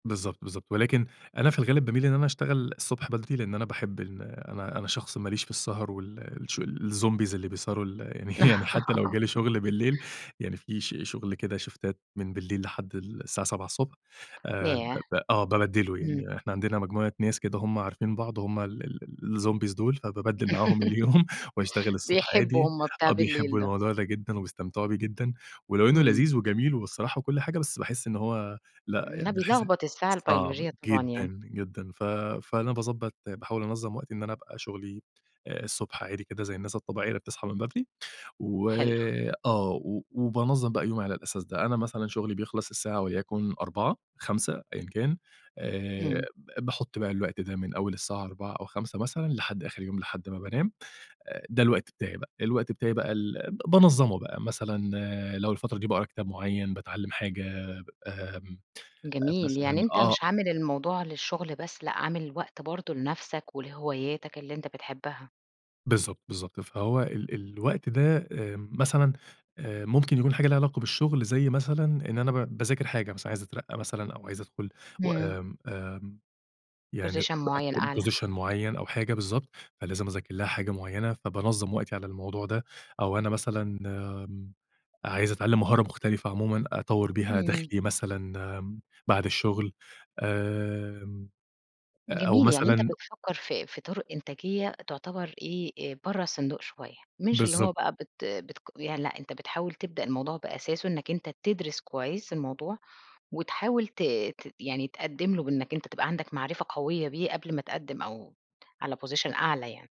بالضبط، بالضبط، ولكن أنا في الغالب بامِيل إن أنا أشتغل الصبح بدري؛ لإن أنا باحب إن أنا أنا شخص ما ليش في السهر وال الش الZombies اللي بيسهروا ال يعني حتى لو جِه لي شُغل بالليل، يعني في ش شُغل كده شِفْتَات من بالليل لحد الساعة 07:00 آآ، ب ياه! ب آه، بابدِّله إمم. يعني. إحنا عندنا مجموعة ناس كده هُم عارفين بعض هُم ال ال ال الZombies دول، فبابدَّل معاهم اليوم واشتغل الصبح بيحبوا عادي، هُم بتاع آه بالليل بيحبوا ده. الموضوع ده جدًا وبيستمتعوا بيه جدًا، ولو إنه إمم. لذيذ وجميل وبالصراحة وكل حاجة، بس باحسّ إن هو لأ ما يعني باحسّ بيلخبط الساعة صعب البيولوجية طبعًا يعني. جدًا، جدًا. ف فأنا باضبط باحاول أنظَّم وقتي، إن أنا أبقى شُغلي الصبح عادي كده زي الناس الطبيعية، اللي بتصحى من بدري، و حلو. آه، و وبانظَّم بقى يومي على الأساس ده. أنا مثلًا شُغلي بيخلص الساعة وليكن 16:00، 17:00 أيًا كان، آآ، إمم. ب باحط بقى الوقت ده من أول الساعة 16:00 أو 17:00 مثلًا، لحد آخر اليوم، لحد ما بانام، آآ، ده الوقت بتاعي بقى، ده الوقت بتاعي بقى ال ب بانظَّمه بقى، مثلًا لو الفترة دي باقرا كتاب معيَّن، باتعلم حاجة، ب آمم، جميل، مثلًا يعني أنت آه مش عامل الموضوع للشُغل بس، لأ عامل وقت برضه لنفْسَك ولهواياتك اللي أنت بتحبها. بالضبط، بالضبط. فهو ال الوقت ده آمم، مثلًا، آآ، ممكن يكون حاجة ليها علاقة بالشُغل، زي مثلًا إن أنا ب باذاكر حاجة مثلًا، عايز أترقّى مثلًا أو عايز أدْخُل و إمم. آمم، آمم، يعني Position [unintelligible] معيَّن أتقدِّم أعلى. Position معيّن أو حاجة بالضبط، فلازم أذاكر لها حاجة معيَّنة، فبانظَّم وقتي على الموضوع ده، أو أنا مثلًا، آمم، عايز أتعلم مهارة مختلفة عمومًا، أطوَّر بيها إمم. دخلِي مثلًا، آمم، بعد الشُغل، آمم، آآ، أو جميل، يعني أنت مثلًا بتفكّر في في طُرق إنتاجية تُعتَبر إيه، آآ، برّا الصندوق شوية، مش اللي هو بالضبط. بقى بت بتق يعني لأ، أنت بتحاول تبدأ الموضوع بأساسه إنَّك أنت تدْرِس كويِّس الموضوع، وتحاول ت ت يعني تقدِّم له بإنَّك أنت تبقى عندك معرفة قوية بيه قبل ما تقدِّم أو على Position أعلى يعني.